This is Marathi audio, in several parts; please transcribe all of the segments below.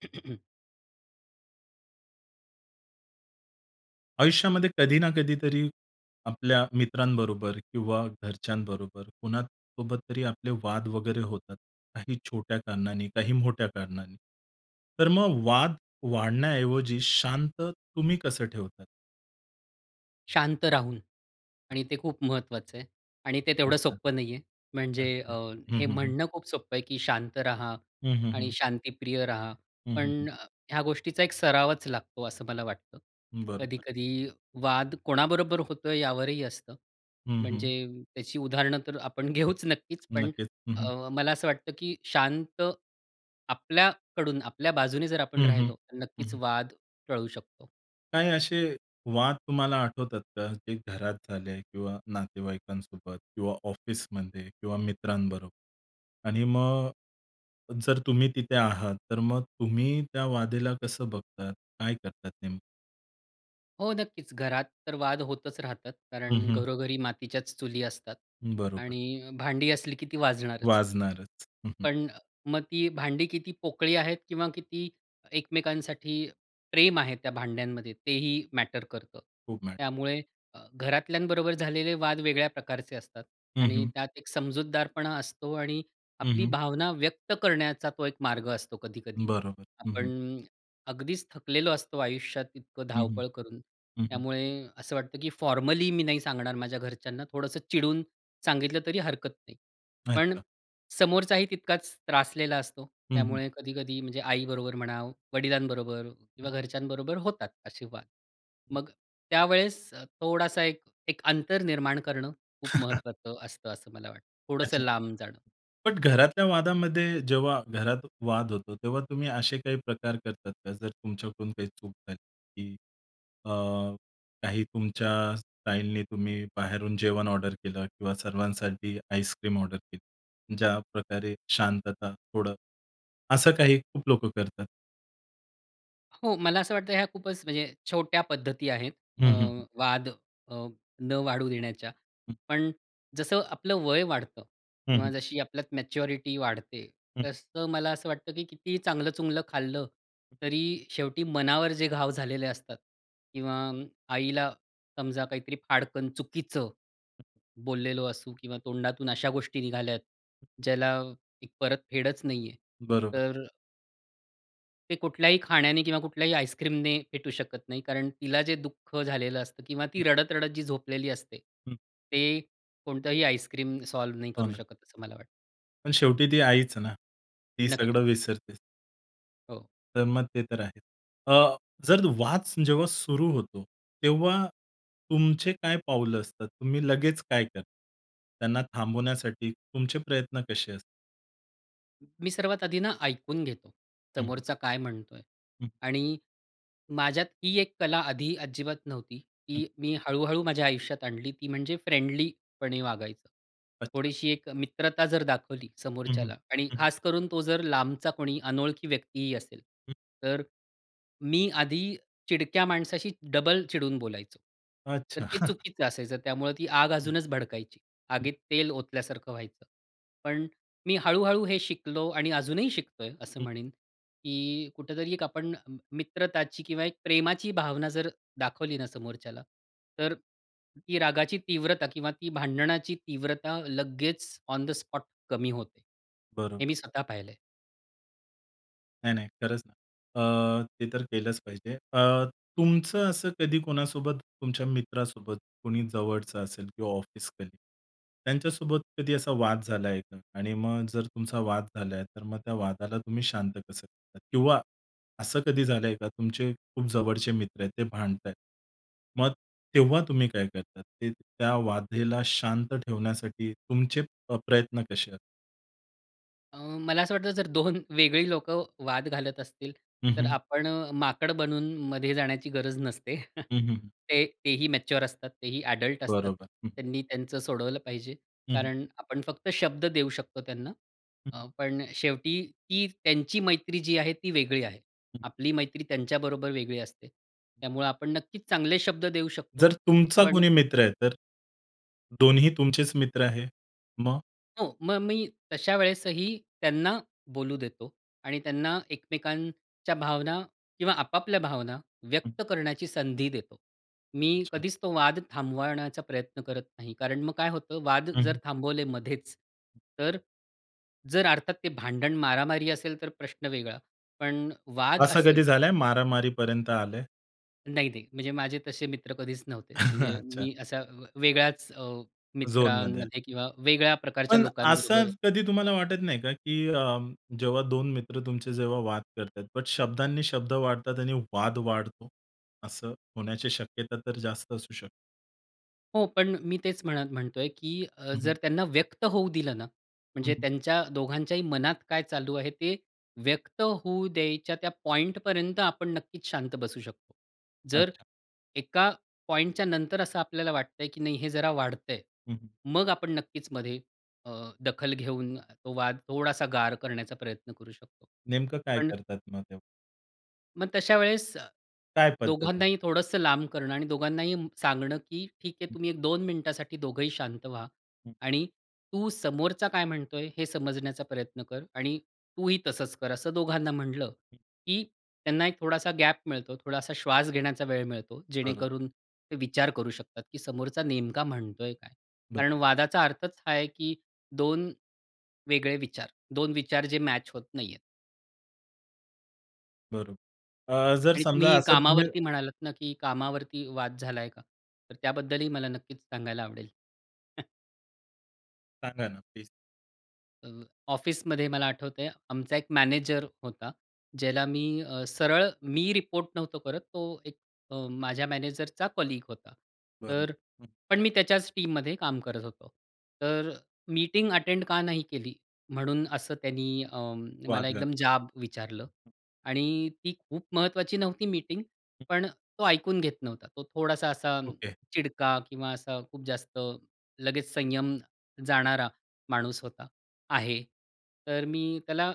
आयुष्यामध्ये कधी ना कधीतरी आपल्या मित्रांबरोबर किंवा घरच्यांबरोबर, कुणासोबत तरी आपले वाद वगैरे होतात, काही छोट्या कारणांनी, काही मोठ्या कारणांनी, तर मग वाद वाढण्याऐवजी शांत तुम्ही कसं ठेवतात? शांत राहून आणि ते खूप महत्त्वाचं आहे आणि ते तेवढं अच्छा. सोप्पं नाहीये. म्हणजे अच्छा. अ, हं, हे हं, हं. म्हणणं खूप सोप्पं आहे, की शांत राहा हं, हं, आणि हं. शांतीप्रिय राहा, हं, हं, पण हं. अ, ह्या गोष्टीचा एक सरावच लागतो, असं मला वाटतं. बरोबर. कधी-कधी वाद कोणाबरोबर होतो, यावरही असतं. हं, हं. म्हणजे त्याची उदाहरणं तर आपण घेऊच नक्कीच. पण नक्कीच. हं, हं. अ, मला असं वाटतं, की शांत आपल्याकडून, आपल्या बाजूने जर आपण हं, हं. राहिलो, तर हं, नक्कीच हं. वाद टळू शकतो. काही असे वाद तुम्हाला आठवतात का? जे घरात झाले आहे किंवा नातेवाईकांसोबत किंवा ऑफिसमध्ये किंवा मित्रांबरोबर आणि मग जर तुम्ही तिथे आहात तर मग तुम्ही त्या वादेला कसं बघतात, काय करतात नेमकं? हो, नक्कीच घरात तर, वाद होतच राहतात, हं, कारण हं. "घरोघरी मातीच्याच चुली" असतात बरोबर. आणि भांडी असली की ती वाजणारच. वाजणारच. पण, मग ती भांडी किती पोकळी आहेत? किंवा किती एकमेकांसाठी, प्रेम आहे त्या भांड्यांमध्ये? तेही मॅटर करतं. खूप मॅट त्यामुळे अ, घरातल्यांबरोबर, झालेले वाद वेगळ्या प्रकारचे असतात हं, आणि हं. त्यात एक समजूतदारपणा असतो आणि हं, आपली हं. भावना व्यक्त करण्याचा, तो एक मार्ग असतो कधी-कधी. बरोबर, हं, हं. आपण अगदीच थकलेलो असतो आयुष्यात, इतकं हं, हं. धावपळ करून, हं, हं. त्यामुळे असं वाटतं की फॉर्मली मी नाही सांगणार माझ्या घरच्यांना, थोडंसं चिडून सांगितलं तरी हरकत नाही. पण अच्छा. समोरचाही तितकाच त्रासलेला असतो, हं, हं. त्यामुळे कधी-कधी म्हणजे आईबरोबर म्हणा, वडिलांबरोबर हं. किंवा घरच्यांबरोबर होतात असे वाद. हं. मग त्यावेळेस, थोडासा एक एक अंतर निर्माण करणं खूप महत्त्वाचं असतं असं मला वाटतं, थोडंसं अच्छा. लांब जाणं. बट घरातल्या वादामध्ये जेव्हा घरात वाद होतो, तेव्हा तुम्ही असे काही प्रकार करतात का? जर तुमच्याकडून काही चूक झाली की अ, काही तुमच्या स्टाईलनी, तुम्ही बाहेरून जेवण ऑर्डर केलं किंवा सर्वांसाठी आईसक्रीम ऑर्डर केली? ज्याप्रकारे शांतता थोडं, असं काही खूप लोकं करतात. हो, मला असं वाटतं, ह्या खूपच म्हणजे छोट्या पद्धती आहेत अ, हं, हं, हं. वाद अ, न वाढू देण्याच्या. हं. पण जसं आपलं वय वाढतं हं, हं. किंवा जशी आपल्यात मॅच्युरिटी वाढते, हं. तसं मला असं वाटतं, की किती चांगलं-चुंगलं खाल्लं हं. तरी शेवटी मनावर जे घाव झालेले असतात, किंवा आईला समजा काहीतरी फाडकन चुकीचं हं. बोललेलो असू किंवा तोंडातून अशा गोष्टी निघाल्यात हं. ज्याला एक परत फेडच नाही आहे, बरोबर. तर ते कुठल्याही खाण्याने किंवा कुठल्याही आइसक्रीमने फेटू शकत नाही, कारण तिला जे दुःख झालेलं असतं किंवा हं. ती रडत-रडत जी झोपलेली असते, हम्म. ते कोणतंही आइसक्रीम सॉल्व्ह नाही हो करू ना. शकत, असं मला वाटतं. पण शेवटी ती आईच ना, ती नक्कीच. सगळं विसरतेच. हो. तर मग ते तर आहे. अ, जर वाद जेव्हा सुरू होतो, तेव्हा तुमचे काय पाऊलं असतात? तुम्ही लगेच काय करता? त्यांना थांबवण्यासाठी तुमचे प्रयत्न कसे अस मी सर्वात आधी ना ऐकून घेतो, हं. हं. समोरचा काय म्हणतोय. हं. आणि माझ्यात ही एक कला आधी अजिबात नव्हती, हं. की मी हळू-हळू माझ्या आयुष्यात आणली. ती म्हणजे फ्रेंडलीपणे वागायचं. अच्छा. थोडीशी एक मित्रता जर दाखवली हं, हं. समोरच्याला, आणि हं, हं. खास करून तो जर लांबचा कोणी अनोळखी व्यक्तीही असेल, हं. तर मी आधी चिडक्या माणसाशी डबल चिडून बोलायचो, अच्छा. तर ते चुकीचं असायचं. त्यामुळं ती आग हं. अजूनच भडकायची, हं. आगीत तेल ओतल्यासारखं व्हायचं. पण मी हळू-हळू हे शिकलो आणि अजूनही शिकतोय असं हं. म्हणेन, की कुठेतरी एक आपण मित्रताची किंवा एक प्रेमाची भावना जर दाखवली ना समोरच्याला, तर ती रागाची तीव्रता किंवा ती भांडणाची तीव्रता लगेच ऑन द स्पॉट कमी होते, हे बरोबर. मी स्वतः पाहिलंय. नाही नाही. खरंच ना. अ, ते तर केलंच पाहिजे. अ, तुमचं असं कधी कोणासोबत, तुमच्या मित्रासोबत, कोणी जवळचं असेल किंवा ऑफिस कलीग त्यांच्यासोबत कधी असा वाद झाला आहे का? आणि मग जर तुमचा वाद झाला आहे, तर मग त्या वादाला तुम्ही शांत कसं करतात? किंवा असं कधी झालंय का, तुमचे खूप जवळचे मित्र आहेत, ते भांडतायेत, मग तेव्हा तुम्ही काय करतात? ते, त्या वादाला शांत ठेवण्यासाठी, तुमचे अ, प्रयत्न कसे आ अ, मला असं वाटतं, जर 2 वेगळी लोकं वाद घालत असतील, हं, तर हं. आपण अ, माकड बनून मधे जाण्याची गरज नसते. हं, हं, हं. ते तेही मॅच्युअर असतात. तेही ॲडल्ट असतात, बरोबर, हं, हं. त्यांनी त्यांचं सोडवलं पाहिजे. हं, हं. कारण आपण फक्त शब्द देऊ शकतो त्यांना, हं, हं. अ, पण शेवटी ती त्यांची मैत्री जी आहे, ती वेगळी आहे. हं, हं. आपली मैत्री त्यांच्याबरोबर वेगळी असते. त्यामुळं आपण नक्कीच चांगले शब्द देऊ शकतो. जर तुमचा पण कोणी मित्र आहे, तर? दोन्हीही तुमचेच मित्र आहे, मग? हो, मग मी तशा वेळेसही, त्यांना बोलू देतो आणि त्यांना एकमेकांच्या भावना किंवा आपापल्या भावना, हं. व्यक्त करण्याची संधी देतो. मी अच्छा. कधीच तो वाद थांबवण्याचा प्रयत्न करत नाही. कारण मग काय होतं, वाद हं, जर हं. थांबवले मध्येच, तर जर अर्थात ते, भांडण, मारामारी असेल, तर प्रश्न वेगळा. पण वाद असं कधी असेल झालंय, मारामारीपर्यंत आलंय? नाही नाही म्हणजे माझे तसे मित्र कधीच नव्हते. म्हणजे अच्छा. मी असा वेगळ्याच अ, झोनमध्ये. मित्रांमध्ये किंवा वेगळ्या प्रकारच्या पण असं लोकांबरोबर कधी तुम्हाला वाटत नाही का, की अ, जेव्हा 2 मित्र तुमचे जेव्हा वाद करतायेत बट शब्दांनी शब्द वाढतात आणि वाद वाढतो, असं होण्याची शक्यता तर जास्त असू शकते. हो, पण मी तेच म्हणत म्हणतोय, की अ, हं, हं. जर त्यांना व्यक्त होऊ दिलं ना हं, म्हणजे हं. त्यांच्या दोघांच्याही मनात काय चालू आहे, ते व्यक्त होऊ द्यायच्या त्या पॉइंटपर्यंत आपण नक्कीच शांत बसू शकतो. जर अच्छा. एका पॉइंटच्या नंतर असं आपल्याला वाटतंय, की नाही हे जरा वाढतंय, हं, हं. मग आपण नक्कीच मध्ये अ, दखल घेऊन तो वाद थोडासा गार करण्याचा प्रयत्न करू शकतो. नेमकं काय पण करतात मग तेव्हा? मग तशा वेळेस अ, काय पद्धत आहे? दोघांनाही थोडंसं लांब करणं आणि दोघांनाही सांगणं, की "ठीक आहे हं. तुम्ही एक दोन मिनिटासाठी दोघंही शांत व्हा हं. आणि तू समोरचा काय म्हणतोय हे समजण्याचा प्रयत्न कर आणि तूही तसंच कर." असं दोघांना म्हटलं, हं. की त्यांना एक थोडासा गॅप मिळतो, थोडासा श्वास घेण्याचा वेळ मिळतो, बरं. जेणेकरून ते विचार करू शकतात, की समोरचा नेमका म्हणतोय काय? कारण बरं. वादाचा अर्थच हा आहे, की 2 वेगळे विचार. 2 विचार जे मॅच होत नाहीयेत. बरोबर. अ, जर आणि समजा तुम्ही असं तुम्ही कामावरती म्हणालात ना की कामावरती वाद झालाय का? तर त्याबद्दल ही मला नक्कीच सांगायला आवडेल. सांगा ना प्लीज. अ, ऑफिसमध्ये मला आठवतंय, आमचा एक मॅनेजर होता. ज्याला मी अ, सरळ मी रिपोर्ट नव्हतो करत. तो एक अ, माझ्या मॅनेजरचा कलीग होता. बरं, तर हं. पण मी त्याच्याच टीममध्ये काम करत होतो. तर मीटिंग अटेंड का नाही केली? म्हणून असं त्यांनी अ, वाद मला एकदम घातला. जाब विचारला आणि ती खूप महत्त्वाची नव्हती मीटिंग. हं. पण अ, तो ऐकून घेत नव्हता. तो थोडासा असा ओके. चिडका किंवा असा खूप जास्त लगेच संयम जाणारा माणूस होता आहे. तर मी त्याला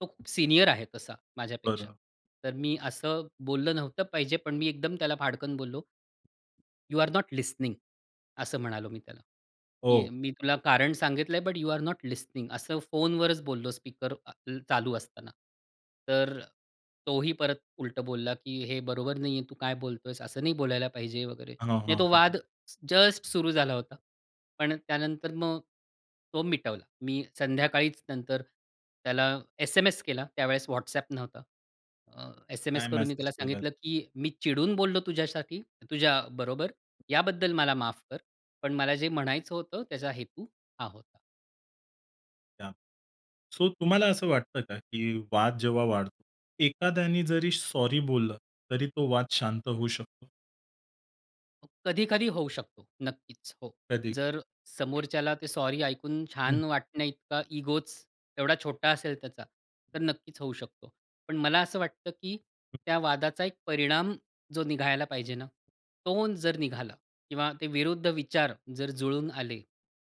तो खूप सीनियर आहे तसा माझ्यापेक्षा. बरं. तर मी असं बोललं नव्हतं पाहिजे. पण मी एकदम त्याला फाडकन बोललो. "You are not listening." असं म्हणालो मी त्याला, की हो. "मी तुला कारण सांगितलंय" "but you are not listening." असं फोनवरच बोललो स्पीकर अ, चालू असताना. तर तोही परत उलटं बोलला, की "हे बरोबर नाही आहे. तू काय बोलतोयेस? असं नाही बोलायला पाहिजे." वगैरे. हां, म्हणजे हां, तो वाद हां. जस्ट सुरू झाला होता. पण त्यानंतर मग तो मिटवला. मी संध्याकाळीच नंतर त्याला एस-एम-एस केला, त्यावेळेस WhatsApp नव्हता. अ, एस-एम-एस काय करून मी मेसेज त्याला केलात? सांगितलं, की "मी चिडून बोललो तुझ्यासाठी तुझ्याबरोबर याबद्दल मला माफ कर, पण मला जे म्हणायचं होतं त्याचा हेतू हा होता." [unintelligible] सो, तुम्हाला असं वाटतं का की वाद जेव्हा वाढ एखाद्याने जरी सॉरी बोललं, तरी तो वाद शांत होऊ शकतो? कधी-कधी होऊ शकतो नक्कीच. हो. कधी? जर समोरच्याला, ते सॉरी ऐकून हं. छान वाटण्याइतका इगोच एवढा छोटा असेल त्याचा तर नक्कीच होऊ शकतो. पण मला असं वाटतं की हं. त्या वादाचा एक परिणाम, जो निघायला पाहिजे ना, तो जर निघाला किंवा ते विरुद्ध विचार जर जुळून आले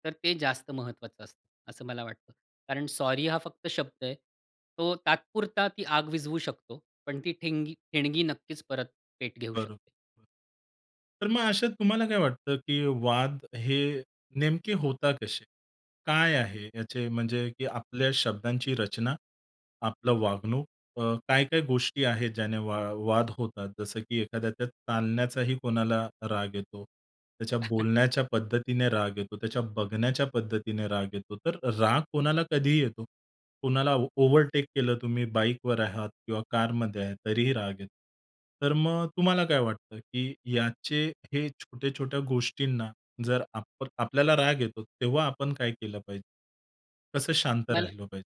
तर ते जास्त महत्त्वाचं असतं, असं मला वाटतं. कारण सॉरी हा फक्त शब्द आहे, तो तात्पुरता ती आग विझवू शकतो. पण ती ठिंगी ठिणगी नक्कीच परत पेट घेऊ बरं. शकते. तर मग अशात तुम्हाला, काय वाटतं की वाद, हे नेमके होतात कसे? काय आहे, याचे म्हणजे की आपल्या शब्दांची रचना, आपलं वागणूक, अ, काय-काय गोष्टी आहेत, ज्याने वा वाद होतात. जसं की एखाद्याच्या चालण्याचाही कोणाला राग येतो, त्याच्या बोलण्याच्या पद्धतीने राग येतो, त्याच्या बघण्याच्या पद्धतीने राग येतो, तर राग कोणाला कधीही येतो. कोणाला ओव्हरटेक केलं तुम्ही, बाईकवर आहात किंवा कारमध्ये आहे, तरीही राग येतो. तर मग तुम्हाला काय वाटतं, की याचे हे छोट्या-छोट्या गोष्टींना जर आपण आपल्याला राग येतो तेव्हा आपण काय केलं पाहिजे? कसं शांत मला राहिलो पाहिजे?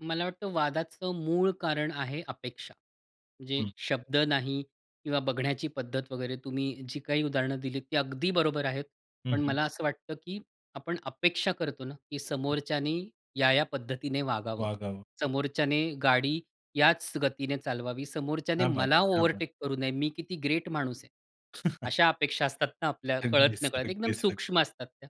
मला वाटतं वादाचं मूळ कारण आहे, अपेक्षा. जे हं. शब्द नाही किंवा बघण्याची पद्धत वगैरे. तुम्ही जी काही उदाहरणं दिलीत, ती अगदी बरोबर आहेत. हं, पण हं. मला असं वाटतं की आपण अपेक्षा करतो ना, की हं. समोरच्याने या-या पद्धतीने वागावं, वागावं. समोरच्याने गाडी याच गतीने चालवावी, समोरच्याने क्या बात मला है! क्या बात! ओव्हरटेक करू नये, मी किती ग्रेट माणूस आहे, अशा अपेक्षा असतात ना, आपल्या अगदीच, कळत-नकळत. एकदम अगदीच, अग सूक्ष्म असतात त्या.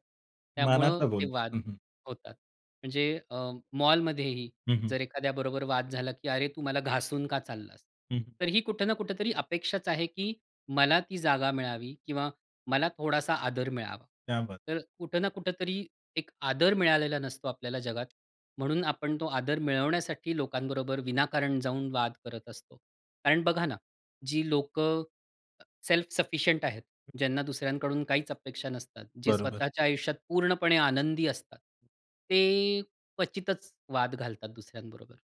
त्यामुळं मनातलं ते वाद बोलता हं, हं. होतात. म्हणजे अ, मॉलमध्येही हं, हं. जर एखाद्याबरोबर वाद झाला, की "अरे, तू मला घासून का चाललास?" हं, हं. तर ही कुठं ना कुठेतरी अपेक्षाच आहे की मला ती जागा मिळावी किंवा मला थोडासा आदर मिळावा. क्या बात! तर कुठं ना कुठेतरी एक आदर मिळालेला नसतो आपल्याला जगात, म्हणून आपण तो आदर मिळवण्यासाठी लोकांबरोबर विनाकारण जाऊन वाद करत असतो. कारण बघा ना, जी लोकं अ, सेल्फ सफिशियंट आहेत, ज्यांना दुसऱ्यांकडून काहीच अपेक्षा नसतात, जे बरोबर. स्वतःच्या आयुष्यात पूर्णपणे आनंदी असतात, ते क्वचितच वाद घालतात दुसऱ्यांबरोबर.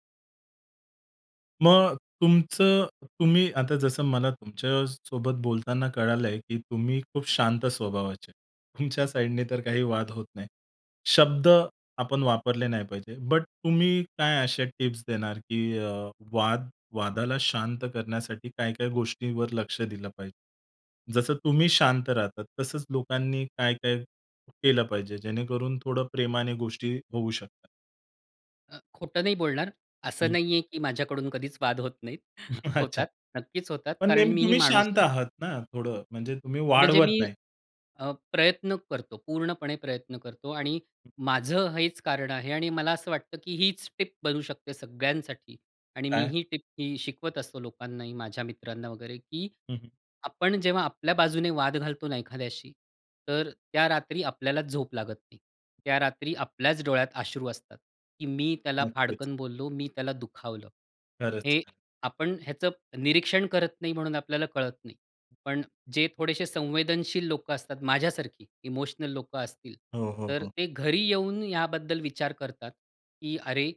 मग तुमचं, तुम्ही आता जसं मला तुमच्यासोबत बोलताना कळालंय की तुम्ही खूप शांत स्वभावाचे आहे. तुमच्या साईडने तर काही वाद होत नाही. शब्द आपण वापरले नाही पाहिजे, बट तुम्ही काय असे टिप्स देणार की अ, वाद वादाला शांत करण्यासाठी काय-काय गोष्टींवर लक्ष दिलं पाहिजे? जसं तुम्ही शांत राहतात तसंच लोकांनी काय-काय केलं पाहिजे जेणेकरून थोडं प्रेमाने गोष्टी होऊ शकतात? अ, खोटं नाही बोलणार. असं हं. नाहीये की माझ्याकडून कधीच वाद होत नाहीत. अच्छा. होतात, नक्कीच होतात पण कारण नेहमी मी ही तुम्ही माणूस शांत आहे. आहात ना थोडं, म्हणजे तुम्ही म्हणजे वाढवत मी, नाही. अ, प्रयत्न करतो, पूर्णपणे प्रयत्न करतो. आणि माझं हेच कारण आहे आणि मला असं वाटतं, की हीच टिप बनू शकते सगळ्यांसाठी आणि काय? मीही टिप ही शिकवत असतो लोकांनाही माझ्या मित्रांना वगैरे की हं, हं. आपण जेव्हा आपल्या बाजूने वाद घालतो ना एखाद्याशी, तर त्या रात्री आपल्याला झोप लागत नाही. त्या रात्री आपल्याच डोळ्यात अश्रू असतात, की मी त्याला नक्कीच. फाडकन बोललो मी त्याला दुखावलं. हे खरंच. आपण ह्याचं निरीक्षण करत नाही म्हणून आपल्याला कळत नाही. पण जे थोडेसे संवेदनशील लोकं असतात माझ्यासारखी इमोशनल लोकं असतील, हो, हो, तर हो. ते घरी येऊन याबद्दल विचार करतात, की अरे,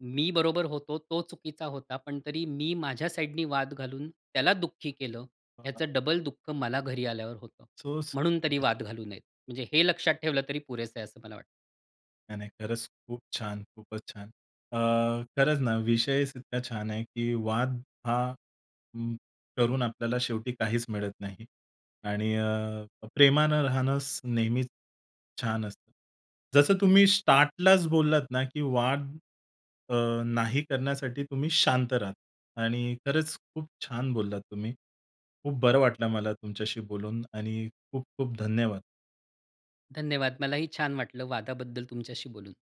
मी बरोबर होतो, तो चुकीचा होता, पण तरी मी माझ्या साईडनी वाद घालून त्याला दुःखी केलं. हं, हां. याचं डबल दुःख मला घरी आल्यावर होतं सो म्हणून तरी [unintelligible] वाद घालू नयेत. म्हणजे हे लक्षात ठेवलं तरी पुरेसं आहे असं मला वाटतं. नाही-नाही खरंच खूप छान. खूपच छान. अ, खरंच ना विषयच इतका छान आहे, की वाद हा उम्म करून आपल्याला शेवटी काहीच मिळत नाही. आणि अ, प्रेमानं राहणंच नेहमीच छान असतं. जसं तुम्ही स्टार्टलाच बोललात ना की वाद अ, नाही करण्यासाठी तुम्ही शांत राहता. आणि खरंच खूप छान बोललात तुम्ही. खूप बरं वाटलं मला तुमच्याशी बोलून आणि खूप-खूप धन्यवाद. धन्यवाद. मलाही छान वाटलं वादाबद्दल तुमच्याशी बोलून.